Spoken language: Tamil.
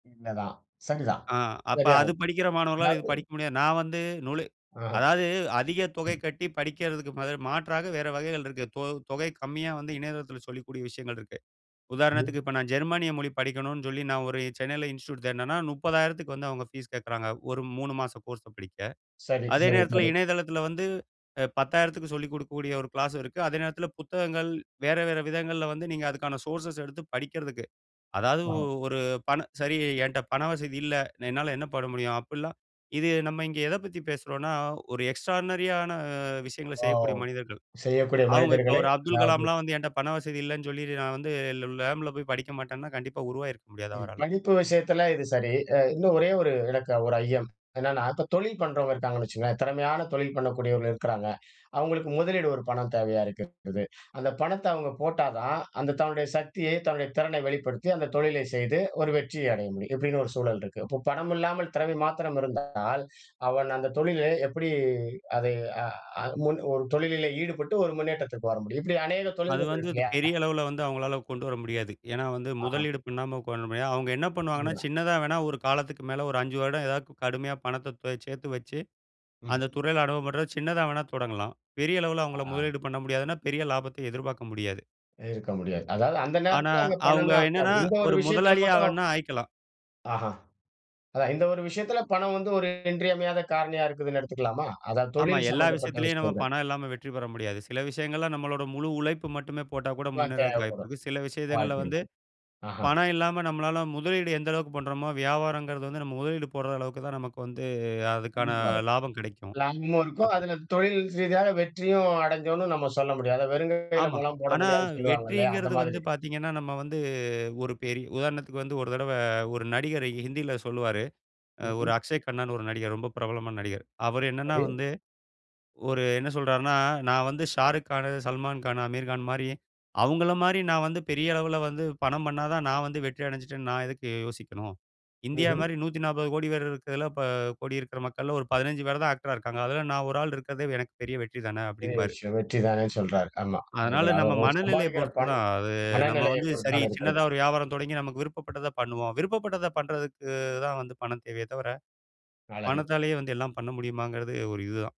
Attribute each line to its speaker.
Speaker 1: உண்ம தான். சரிதான்.
Speaker 2: அ அப்ப அது
Speaker 1: சரியானது.
Speaker 2: படிக்கிற மாணவர்களால இது
Speaker 1: அதாது
Speaker 2: படிக்க முடியாது நா வந்து நுலு
Speaker 1: அ.
Speaker 2: அதாது அதிக தொகை
Speaker 1: ம்.
Speaker 2: கட்டி படிக்கறதுக்கு ம து மாற்றாக வேற வகைகள் இருக்கு. தொ தொகை கம்மியா வந்து இணையதளத்துல சொல்லிக்கூடிய விஷயங்கள் இருக்கு.
Speaker 1: ம்ஹ்ம்.
Speaker 2: உதாரணத்துக்கு இப்ப நா ஜெர்மனிய மொழி படிக்கனுன்னு சொல்லி நா ஒரு சென்னையில இன்ஸ்டிடியூட் தேடுனனா ₹30,000க்கு வந்து அவங்க பீஸ் கேக்குறாங்க. ஒரு 3 மாசம் கோர்ஸ படிக்க.
Speaker 1: சரி,
Speaker 2: அதே
Speaker 1: சரி,
Speaker 2: நேரத்துல
Speaker 1: சரி.
Speaker 2: இணையதளத்துல வந்து அ ₹10,000க்கு சொல்லிக் கொடுக்கக்கூடிய, ஒரு கிளாஸ் இருக்கு. அதே நேரத்துல புத்தகங்கள். வேற வேற விதங்கள்ல வந்து நீங்க அதுக்கான சோர்ஸஸ்ஸ எடுத்து படிக்கிறதுக்கு. அதாது
Speaker 1: அ.
Speaker 2: ஒரு பண சரி என்ட்ட பண வசதி இல்ல, என்னால என்ன பண்ண முடியும் அப்படிலாம் இது நம்ம இங்க எத பத்தி பேசுறோனா, ஒரு எக்ஸ்ட்ரார்னரி ஆன விஷயங்கள
Speaker 1: ஓ!
Speaker 2: செய்யக்கூடிய மனிதர்கள்.
Speaker 1: செய்யக்கூடிய
Speaker 2: அவங்க இப்போ
Speaker 1: மனிதர்களை
Speaker 2: ஒரு 'அப்துல்
Speaker 1: அதாவது
Speaker 2: கலாம்லா' வந்து என்ட்ட பண வசதி இல்லனு சொல்லிடு நா வந்து ல லாம்ப்ல போய் படிக்க மாட்டேனா, கண்டிப்பா உருவாயிருக்க முடியாது
Speaker 1: சரி.
Speaker 2: அவரால.
Speaker 1: படிப்பு விஷயத்துல இது சரி. அ இன்னும் ஒரே ஒரு எனக்கு ஒரு ஐயம். என்னன்னா, இப்போ தொழில் பண்றவங்க இருக்காங்கன்னு வச்சுக்கோங்களேன், திறமையான தொழில் பண்ணக்கூடியவர்கள் இருக்குறாங்க. அவங்களுக்கு முதலீடு ஒரு பணம் தேவையா இருக்குது. அந்த பணத்த அவங்க போட்டா தான், அந்த தன்னுடைய சக்தியை, தன்னுடைய திறனை வெளிப்படுத்தி, அந்த தொழிலை செய்து, ஒரு வெற்றியை அடைய முடியும். இப்படின்னு ஒரு சூழல் இருக்கு. இப்போ பணம் இல்லாமல், திறமை மாத்திரம் இருந்தால், அவன் அந்த தொழிலை எப்படி அதை அ அ முன் ஒரு தொழிலே ஈடுபட்டு ஒரு முன்னேற்றத்திற்கு வர முடியும்? இப்படி அநேக
Speaker 2: அது
Speaker 1: தொழில்கள்
Speaker 2: வந்து
Speaker 1: இருக்கு
Speaker 2: அது
Speaker 1: இல்லயா?
Speaker 2: பெரிய அளவுல வந்து அவங்களால கொண்டு வர முடியாது. ஏன்னா வந்து,
Speaker 1: அஹா.
Speaker 2: முதலீடு பண்ணாம கோ முடியாது. அவங்க என்ன பண்ணுவாங்கன்னா,
Speaker 1: அதுதான்.
Speaker 2: சின்னதா வேணா ஒரு காலத்துக்கு மேல ஒரு 5 வருட ஏதாது கடுமையா பணத்த தோ சேத்து வச்சு, அந்த
Speaker 1: ம்ஹ்ம்.
Speaker 2: துறையில அனுபவ பெற்ற சின்னதா வேணா தொடங்கலாம். பெரிய அளவுல அவங்கள
Speaker 1: அ.
Speaker 2: முதலீடு பண்ண முடியாதுன்னா, பெரிய லாபத்த எதிர்பாக்க முடியாது.
Speaker 1: இருக்க முடியாது. அதாது அந்த
Speaker 2: ஆனா,
Speaker 1: நேரத்தில அங்க பணம்
Speaker 2: அவங்க
Speaker 1: தான்
Speaker 2: என்னன்னா
Speaker 1: அப்ப இந்த ஒரு
Speaker 2: ஒரு
Speaker 1: விஷயத்தில
Speaker 2: முதலாளி
Speaker 1: மட்டும்
Speaker 2: ஆகணுனா ஆயிக்கலாம்.
Speaker 1: அஹ, அதான் இந்த ஒரு விஷயத்தில பணம் வந்து ஒரு இன்றி அமையாத காரணியா இருக்குதுனு எடுத்துக்கலாமா? அதான்
Speaker 2: ஆமா.
Speaker 1: தொழில்
Speaker 2: எல்லா
Speaker 1: சம்பந்தப்பட்ட
Speaker 2: விஷயத்துலயும் நம்ம
Speaker 1: விஷயங்கள்.
Speaker 2: பணம் இல்லாம வெற்றி பெற முடியாது. சில விஷயங்கள்ல நம்மளோட முழு உழைப்பு மட்டுமே போட்டா கூட
Speaker 1: ல
Speaker 2: முன்னேறதுக்கு
Speaker 1: தேவப்படும்.
Speaker 2: வாய்ப்புருக்கு. சில விஷயங்களில வந்து,
Speaker 1: வாய்ப்புருக்கு. அஹ.
Speaker 2: பணம் இல்லாம நம்மளால முதலீடு எந்த அளவுக்கு பண்ணுறோமோ, வியாபாரங்குறது வந்து நம்ம முதலீடு போடுற அளவுக்கு தான் நமக்கு வந்து அதுக்கான
Speaker 1: கண்டிப்பாக.
Speaker 2: லாபம் கிடைக்கும்.
Speaker 1: லாபமும் இருக்கும்.
Speaker 2: அப்போ
Speaker 1: அதுல தொழில் ரீதியாக வெற்றியும் அடஞ்சோம்ன்னு நம்ம சொல்ல முடியும். அத வெறுங்கையில
Speaker 2: ஆமா.
Speaker 1: முழம் போட
Speaker 2: ஆனா,
Speaker 1: முடியாதுன்னு சொல்லுவாங்கல்லையா! அந்த
Speaker 2: வெற்றிங்கறது வந்து
Speaker 1: மாதிரி.
Speaker 2: பாத்தீங்கனா, நம்ம வந்து ஒரு பெரி உதாரணத்துக்கு வந்து ஒரு தடவ ஒரு நடிகர் ஹிந்தியில சொல்லுவாரு. ஒரு
Speaker 1: ம்ஹ்ம்.
Speaker 2: அக்க்ஷை கண்ணானு ஒரு நடிகர் ரொம்ப பிரபலமான நடிகர். அவர் என்னனா
Speaker 1: சரி.
Speaker 2: வந்து, ஒரு என்ன சொல்றாருனா, நா வந்து ஷாருக் கானு, சல்மான்கானு, அமீர்கான் மாரி அவர்கள மாரி நா வந்து பெரிய அளவுல வந்து படம் பண்ணதான் நா வந்து வெற்றி அடஞ்சுட்டனு நா எதுக்கு யோசிக்கணும்? இந்தியா
Speaker 1: ம்ஹ்ம்.
Speaker 2: மாரி 140 கோடி பேர் இருக்குறதுல ப கோடி இருக்குற மக்கள ஒரு 15 பேர் தான் ஆக்டரா இருக்காங்க. அதுல நா ஒரு ஆள் இருக்கிறதே எனக்கு பெரிய வெற்றி தானே!
Speaker 1: பெரிய
Speaker 2: அப்படின்பாரு.
Speaker 1: விஷயம்! வெற்றி தானே சொல்றார். ஆமா.
Speaker 2: அதனால
Speaker 1: அவங்கள
Speaker 2: நம்ம
Speaker 1: அவளோ
Speaker 2: மனநெலைய
Speaker 1: சம்பாதிக்கிற
Speaker 2: பொறுத்துதான்.
Speaker 1: பணம்,
Speaker 2: அது நம்ம
Speaker 1: மனநிலைய
Speaker 2: வந்து,
Speaker 1: பொறுத்து
Speaker 2: சரி
Speaker 1: தான இருக்குறது.
Speaker 2: சின்னதா ஒரு வியாபாரம் தொடங்கி நமக்கு விருப்பப்பட்டத பண்ணுவோம். விருப்பப்பட்டத பண்ணுறதுக்கு தான் வந்து பணம் தேவையே தவர,
Speaker 1: அழகு.
Speaker 2: பணத்தாலேயே வந்து எல்லா பண்ண முடியுமாங்கறது ஒரு இதுதான்.